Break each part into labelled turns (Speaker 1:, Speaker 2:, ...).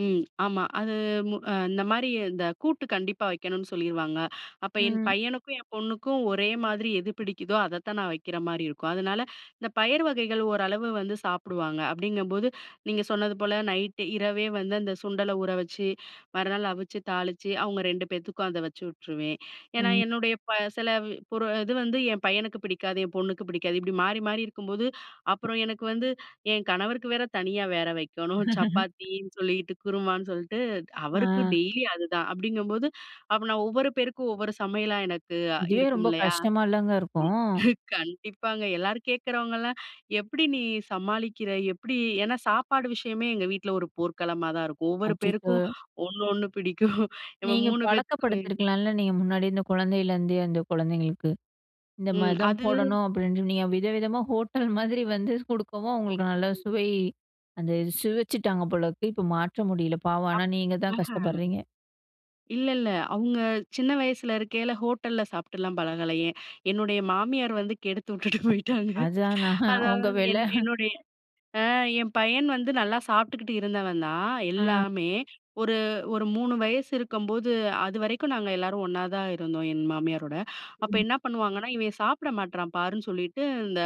Speaker 1: ம். ஆமா. அது, மு இந்த மாரி, இந்த கூட்டு கண்டிப்பா வைக்கணு சொல்லிருவாங்க. அப்ப என்
Speaker 2: ம்.
Speaker 1: பையனுக்கும், என் பொண்ணுக்கும் ஒரே மாதிரி, எது பிடிக்குதோ, அத தான் நான் வக்கிற மாரி இருக்கும். அதனால, இந்த பயறு வகைகள், ஓரளவு வந்து சாப்பிடுவாங்க. அப்டிங்கம்போது, நீங்க சொன்னது போல, நைட்டு இரவே வந்து, அந்த சுண்டல ஊற வச்சு, மறுநாள் அவிச்சு, தாளிச்சு, அவங்க ரெண்டு பேத்துக்கு, அத வச்சு விட்ருவே. ஏனா,
Speaker 2: ம்.
Speaker 1: என்னுடைய ப சில பொரு இது வந்து என் பையனுக்கு பிடிக்காது. என் பொண்ணுக்கு பிடிக்காது. இப்படி மாறி மாறி இருக்கும்போது, அப்புறம் எனக்கு வந்து, என் கணவருக்கு வேற தனியா வேற வைக்கணும். சப்பாத்தீனு சொல்லீட்டு, குருமான்னு சொல்ட்டு, அவருக்கு
Speaker 2: ஆ.
Speaker 1: டெய்லி அதுதான். அப்டிங்கம்போது, அப்ப நான், ஒவ்வொரு பேருக்கும் ஒவ்வொரு சமையலா, எனக்கு
Speaker 2: இதுவே ரொம்ப,
Speaker 1: இருக்குமில்லையா?
Speaker 2: கஷ்டமாலங்க இருக்கும்.
Speaker 1: கண்டிப்பாங்க. எல்லாரு கேட்குறவங்கலாம், எப்டி நீ சமாளிக்கிற? எப்டி? ஏனா சாப்பாடு விஷயமே, எங்கள் வீட்ல ஒரு போர்க்களமாதா இருக்கும். ஒவ்வொரு பேருக்கும்
Speaker 2: அச்சச்சோ!
Speaker 1: ஒண்ணு, ஒண்ணு பிடிக்கும். நம்ம
Speaker 2: நீங்க
Speaker 1: 3 பேத்துக்குமே
Speaker 2: பழக்கப்படுத்தியிருக்கலால, நீங்க முன்னாடி, அந்த குழந்தையிலருந்தே, அந்த குழந்தைங்களுக்கு. இந்த
Speaker 1: ம்.
Speaker 2: மாதிதான்
Speaker 1: அது
Speaker 2: போடணும், அப்படின்னு. நீங்க வித விதமா, ஹோட்டல் மாதிரி வந்து குடுக்கவும், அவங்களுக்கு நல்ல சுவை, அந்த சுவைச்சுட்டாங்க போலருக்கு. இப்ப மாற்ற முடியல, பாவம். ஆனா நீங்க தான் கஷ்டப்பட்றீங்க.
Speaker 1: [unintelligible] இல்லல்ல. அவங்க சின்ன வயசுல இருக்கைல ஹோட்டல்ல சாப்ட்டுலா பழகலயே. என்னுடைய மாமியார் வந்து, கெடுத்துட்டுட்டு போயிட்டாங்க.
Speaker 2: அதான் நான், அவங்க
Speaker 1: அதாவது,
Speaker 2: வேல.
Speaker 1: என் என்னுடைய, ஆ, என் பையன் வந்து நல்லா சாப்ட்டுக்கிட்டு இருந்தவன்தா
Speaker 2: ஆ.
Speaker 1: எல்லாமே. ஒரு, ஒரு 3 வயசு இருக்கம்போது, அதுவரைக்கு நாங்க எல்லாரும் ஒண்ணாதா இருந்தோம், என் மாமியாரோட. அப்ப
Speaker 2: ம்.
Speaker 1: என்ன பண்ணுவாங்கன்னா, இவன் சாப்பிட மாட்றான் பாருன்னு சொல்லிட்டு, இந்த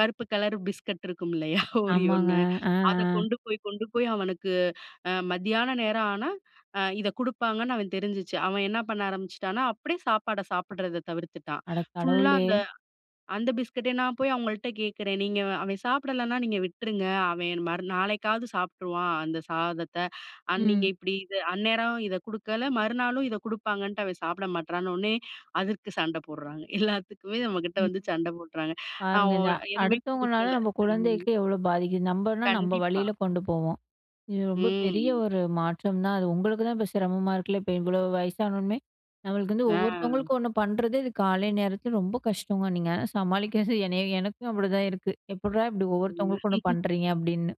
Speaker 1: கருப்பு கலர் பிஸ்கட் இருக்குமில்லையா? Oreo
Speaker 2: ஆமாங்க.
Speaker 1: னு.
Speaker 2: ஆ.
Speaker 1: அத
Speaker 2: ஆ.
Speaker 1: கொண்டு போய் கொண்டு போய் அவனுக்கு அ, மத்தியான நேர ஆனா, அ இத குடுப்பாங்கன்னு, அவந் தெரிஞ்சுச்சு. அவ என்ன பண்ண ஆரம்பிச்சிட்டான்னா, அப்டியே சாப்பாட சாப்பிடுறத தவிர்த்துட்டான்.
Speaker 2: அட
Speaker 1: ஃபுல்லா
Speaker 2: கடவுளே!
Speaker 1: அந்த, அந்த பிஸ்கட்ட. நான் போய் அவங்கள்ட்ட கேட்குறே. நீங்க அவன் சாப்பிடலனா, நீங்க விட்டுருங்க. அவன் மறு நாளைக்காவது சாப்ட்டுருவான், அந்த சாதத்தை. நீங்க
Speaker 2: ம்.
Speaker 1: இப்டி, இத அந்நேரம் இத குடுக்கல, மறுநாளு இத குடுப்பாங்கன்ட்டு, அவன் சாப்பிட மாட்றானோனே, அதுக்கு சண்டை போட்றாங்க. எல்லாத்துக்குமே நம்ம கிட்ட வந்து சண்ட போட்றாங்க.
Speaker 2: [unintelligible]
Speaker 1: அ,
Speaker 2: பாருங்க
Speaker 1: ஓ
Speaker 2: இத
Speaker 1: நான் எதுவுமே
Speaker 2: அடுத்தவங்களால,
Speaker 1: கொடுக்கல.
Speaker 2: நம்ம
Speaker 1: ம்.
Speaker 2: குழந்தைக்கு எவ்வளோ பாதிக்குது. நம்மன்னா நம்ம
Speaker 1: கண்டிப்பா.
Speaker 2: வழியில, கொண்டு போவோம். இது ரொம்ப பெரிய,
Speaker 1: ம்.
Speaker 2: ஒரு மாற்றம் தான். அது உங்களுக்குதா, இப்ப சிரமமா இருக்குல்ல. இப்ப, இவ்ளோ வயசானவுனே நம்மளுக்கு வந்து
Speaker 1: ஆ.
Speaker 2: ஒவ்வொருத்தவங்களுக்கும், ஒண்ணு பண்ணுறது, இது காலை நேரத்தில ரொம்ப கஷ்டங்க. நீங்க சமாளிக்கிறது என்னய, எனக்கும் அப்டிதான் இருக்கு. எப்பிட்றா இப்டி
Speaker 1: ம்.
Speaker 2: ஒவ்வொருத்தவங்களுக்கும் ஒண்ணு பண்றீங்க? அப்டினு.